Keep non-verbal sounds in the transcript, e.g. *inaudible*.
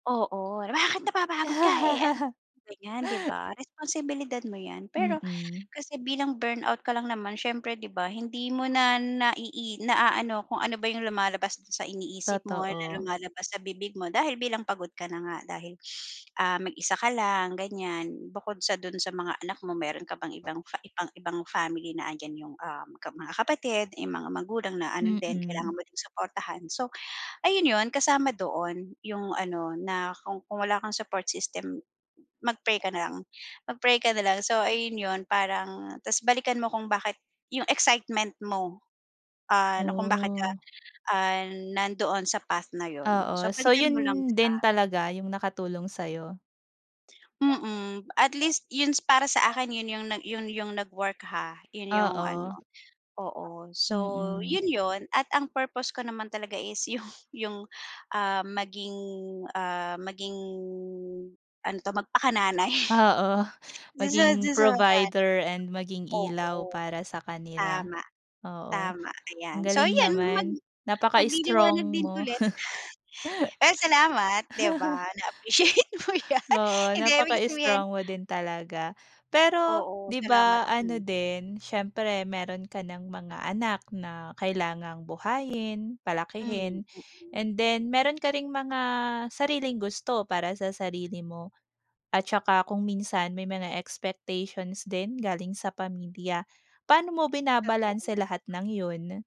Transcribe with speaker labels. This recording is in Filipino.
Speaker 1: Oo, "Bakit napapagod ka, eh ano," ganyan, 'di
Speaker 2: *laughs*
Speaker 1: ba, responsibilidad mo yan. Pero
Speaker 2: Mm.
Speaker 1: kasi bilang burnout ka lang naman, siyempre, 'di ba, hindi mo na naii naaano kung ano ba yung lumalabas dun sa iniisip mo na
Speaker 2: Totoo.
Speaker 1: lumalabas sa bibig mo dahil bilang pagod ka na nga. Dahil ah, mag-isa ka lang ganyan. Bukod sa dun sa mga anak mo meron ka pang ibang ibang family na andyan yung, um, ka mga kapatid, yung mga magulang na ano din,
Speaker 2: Mm.
Speaker 1: kailangan mo ding suportahan. So, ayun yun, kasama doon yung ano na kung kung wala kang support system, mag-pray ka na lang mag-pray ka na lang. So, ayun yun, parang tas balikan mo kung bakit yung excitement mo, ah, na kung bakit ka,
Speaker 2: Ooh.
Speaker 1: ah, nandoon sa path na yun. So,
Speaker 2: Oo, so
Speaker 1: balikan
Speaker 2: yun
Speaker 1: mo lang
Speaker 2: din
Speaker 1: sya.
Speaker 2: talaga yung nakatulong sa'yo?
Speaker 1: Mm, at least yun is para sa akin, yun yung yun yung nag-work ha, yun yung ano,
Speaker 2: Oo.
Speaker 1: oo. So,
Speaker 2: Mm.
Speaker 1: yun, yun, at ang purpose ko naman talaga is yung yung ah, maging, ah, maging, ano 'to, magpakananay,
Speaker 2: Oo,
Speaker 1: dun sa
Speaker 2: maging
Speaker 1: 'dun sa mga anak.
Speaker 2: provider and maging ilaw
Speaker 1: Oo,
Speaker 2: para sa kanila.
Speaker 1: tama,
Speaker 2: Oo,
Speaker 1: tama,
Speaker 2: ang
Speaker 1: ayan. So,
Speaker 2: galing
Speaker 1: ayan, mag
Speaker 2: naman,
Speaker 1: magliliwanag
Speaker 2: napaka-strong
Speaker 1: din
Speaker 2: mo.
Speaker 1: ulit.
Speaker 2: *chuckles*
Speaker 1: Pero salamat, 'di ba, na appreciate mo yan.
Speaker 2: Oo,
Speaker 1: Hindi,
Speaker 2: napaka
Speaker 1: ibig sabihin
Speaker 2: strong mo din talaga. Pero,
Speaker 1: Oo,
Speaker 2: 'di
Speaker 1: salamat.
Speaker 2: ba ano
Speaker 1: Hmm.
Speaker 2: din, siyempre meron ka ng mga anak na kailangang buhayin,
Speaker 1: Hmm,
Speaker 2: palakihin
Speaker 1: mm.
Speaker 2: and then meron ka ring mga sariling gusto para sa sarili mo at saka kung minsan may mga expectations din galing sa pamilya, paano mo binabalanse
Speaker 1: Totoo.
Speaker 2: lahat ng yun?